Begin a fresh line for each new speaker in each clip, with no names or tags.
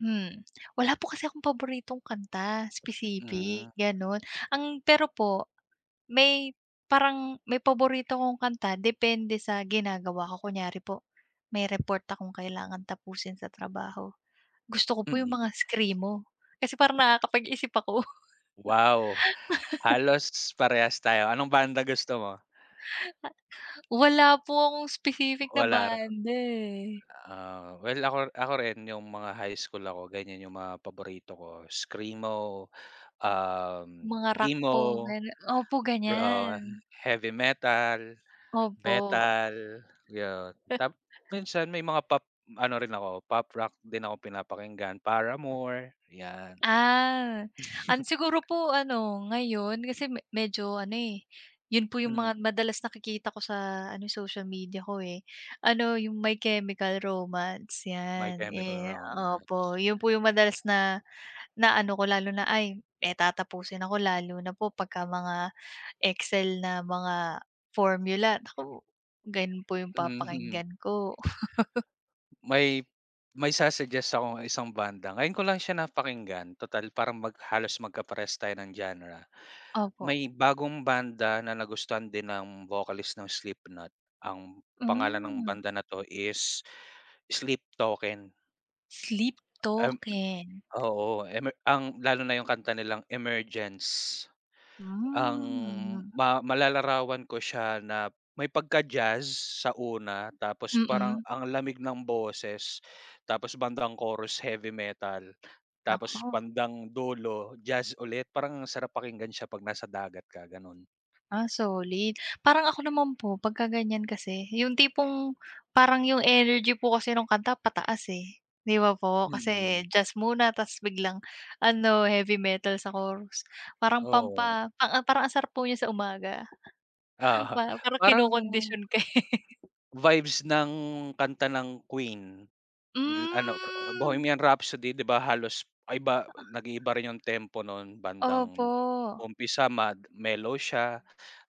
Hmm, wala po kasi akong paboritong kanta
Mm.
specific gano'n. Ang pero po may parang may paborito akong kanta depende sa ginagawa ko. Kunyari po may report akong kailangan tapusin sa trabaho, gusto ko po 'yung
Mm.
mga Screamo. Kasi parang nakakapag-iisip ako.
Wow, halos parehas tayo. Anong banda gusto mo?
Ah, wala po akong specific na
Wala ra
banda, eh.
ah, well ako r ako rin 'yung mga high school ako ganiyan 'yung mga paborito ko Screamo, um,
Mga rock
Emo,
po ganu opo,
pro, ah,
ganiyan.
Heavy metal,
Opo.
metal 'yun.
He
Tapos minsan may mga pop ano rin ako Pop Rock din ako pinapakinggan Paramore, 'yan.
Ah. An siguro po ano, ngayon kasi me medyo ano, eh, 'yun po 'yung
Mm.
mga madalas nakikita ko sa ano, social media ko, eh, ano 'yung My Chemical Romance
My
'yan.
Chemical
Eh, opo
Romance.
'yun po 'yung madalas na na ano ko lalo na ay eh, tatapusin ako lalo na po pagka mga Excel na mga formula naku, gano'n po 'yung
Mhm.
papakinggan ko.
May may sa-suggest akong isang banda. Ngayon ko lang siya napakinggan total parang mag halos magkaparehas tayo ng genre.
Opo.
May bagong banda na nagustuhan din ng vocalist ng Slipknot ang pangalan ng
Hmm.
banda na 'to is Sleep Token.
Sleep
Em
Token.
oo, emer ang lalo na 'yung kanta nilang Emergence. Ang
Hmm.
ma malalarawan ko siya na may pagka-jazz sa una tapos parang
Mm.
ang lamig ng boses, tapos bandang chorus, heavy metal,
Naku.
tapos bandang dulo, jazz ulit, parang ang sarap pakinggan siya pag nasa dagat ka gano',n.
Ah, solid. Parang ako naman po pagka ganiyan kasi 'yung tipong parang 'yung energy po kasi nung kanta pataas, eh, 'di ba, po kasi
Mm.
jazz muna tas biglang ano, heavy metal sa chorus, parang
Oo.
pampa ang ang parang ang sarap po niyan sa umaga.
Oo.
Pa parang
Parang
kinokondisyon ka, eh.
vibes ng kanta ng Queen, 'yung ano, ah,
Hmm.
Bohemian Rhapsody di ba halos maiba
Oo.
nag-iiba rin 'yung tempo no'n? Bandang
Opo.
umpisa mag mellow siya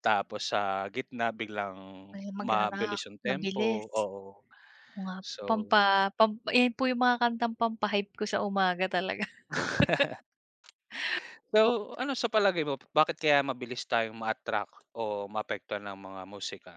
tapos sa gitna biglang
Ay, magra-rock,
mabilis 'yung
mabilis.
tempo. Oo.
Oo nga po,
So
pampa pampa ayun po 'yung mga kantang pampa-hype ko sa umaga talaga. O
So ano sa palagay mo, b bakit kaya mabilis tayong ma-attract o maapektuhan ng mga musika?